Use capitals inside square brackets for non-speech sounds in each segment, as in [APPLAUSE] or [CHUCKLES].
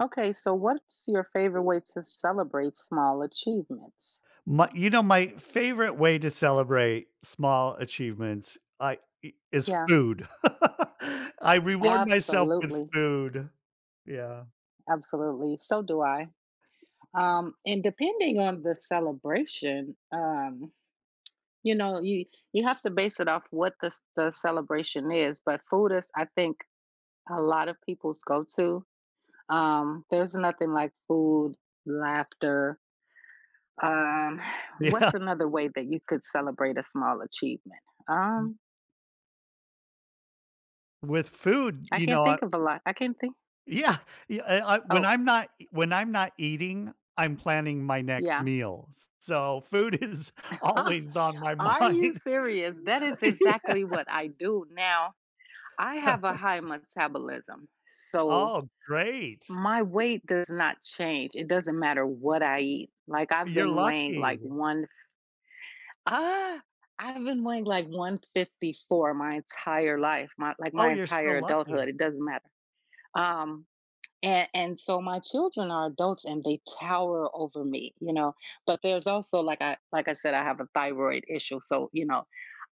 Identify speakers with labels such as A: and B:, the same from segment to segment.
A: Okay. So what's your favorite way to celebrate small achievements?
B: My you know, my favorite way to celebrate small achievements, I i is
A: Yeah.
B: food. [LAUGHS] I reward myself with
A: Absolutely.
B: food, yeah.
A: Absolutely, so do I, um, and depending on the celebration, um, you know, you you have to base it off what the s the celebration is, but, food is, I think, a lot of people's go-to. Um, there's nothing like food, laughter. Um,
B: Yeah.
A: what's another way that you could celebrate a small achievement?
B: Mm.
A: Um
B: With food,
A: I
B: you
A: can't
B: know I
A: think of a lot. I can't think.
B: Yeah, yeah, I I, when
A: Oh.
B: I'm not when I'm not eating, I'm planning my next
A: Yeah.
B: meals. So food is
A: [LAUGHS]
B: always on my
A: Are you
B: mind. [LAUGHS]
A: serious? That is
B: Yeah.
A: exactly what I do now. I have a high
B: [CHUCKLES]
A: metabolism, so
B: Oh, great.
A: my weight does not change. It doesn't matter what I eat. Like, I've
B: You're
A: been weighing, like,
B: lucky.
A: one ah, I've been weighing like 154 my entire life, my like,
B: Oh,
A: my
B: you're
A: entire
B: so lucky.
A: adulthood, it doesn't matter. Um, a and so my children are adults and they tower over me, you know, but, there's also, like, I like I said, I have a thyroid issue, so, you know,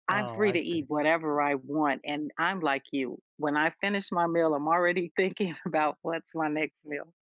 A: I'm
B: Oh,
A: free
B: I
A: to eat
B: see.
A: whatever I want, and I'm, like, you. When I finish my meal, I'm already thinking about what's my next meal.